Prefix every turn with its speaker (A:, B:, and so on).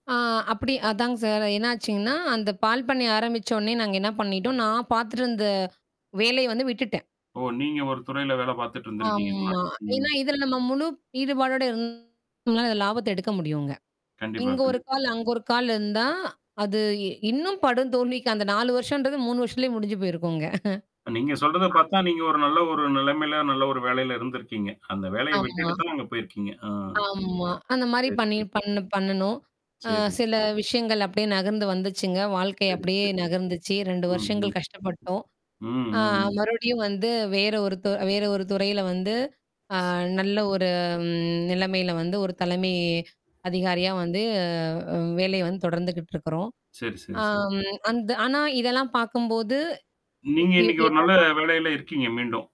A: ஆ அப்படி, அதாங் சார். என்ன ஆச்சுங்னா அந்தப் பால் பண்ணைய ஆரம்பிச்சோனய நாங்க என்ன பண்ணிட்டோம், நான் பாத்துட்டு இருந்த வேலைய வந்து விட்டுட்டேன்.
B: ஓ, நீங்க ஒரு துறையில வேலை பார்த்துட்டு இருந்திருக்கீங்க,
A: ஆமா.
B: முன்னாடி. ம்.
A: ஏன்னா இதுல நம்ம முழு ஈடுபாடோட இ ருந்தா லாபத்தை எடுக்க முடியும்ங்க.
B: கண்டிப்பா,
A: இங்க 1
B: கண்டிப்பா.
A: கால், அங்க 1 கால் இருந்தா அது இ இன்னும் படுதோல்விக்கு அந்த 4 வருஷம்ன்றது 3 வருஷத்துலயே முடிஞ்சு போயிருக்கும்ங்க.
B: நீங்க சொல்றதை பார்த்தா நீங்க ஒரு நல்ல ஒரு நிலைமையில, நல்ல ஒரு வேலையில இருந்திருக்கீங்க. அந்த வேலைய
A: ஆமா.
B: விட்டுட்டுத்துதான் அங்க போயிருக்கீங்க, அ,
A: ஆமா. அந்த மாதிரி
B: சரி,
A: பண்ணி
B: சரி.
A: பண்ணு பண்ணணோம். அ
B: சரி.
A: சில விஷயங்கள் அப்படியே நகர்ந்து வந்துச்சுங்க. வாழ்க்கை
B: சரி,
A: அப்படியே
B: சரி.
A: நகர்ந்துச்சு. 2
B: ம், ம்.
A: வருஷங்கள் கஷ்டப்பட்டோம்.
B: ம்,
A: ஆ
B: ம், ம்.
A: மறுபடியும் வந்து வேற ஒரு து வேற ஒரு துறையில வந்து அ நல்ல ஒரு ம் நிலைமையில வந்து ஒரு தலைமை அதிகாரியா வந்து அ உ வேலையை வந்து தொடர்ந்துகிட்டு இருக்கிறோம்.
B: சரி, சரி, சரி.
A: அம் அந்த ஆனா இதெல்லாம் பார்க்கும்போது இ
B: நீங்க
A: இவ்
B: இன்னைக்கு
A: இவ்
B: ஒரு
A: [unintelligible]
B: நல்ல வேலையில இருக்கீங்க மீண்டும்?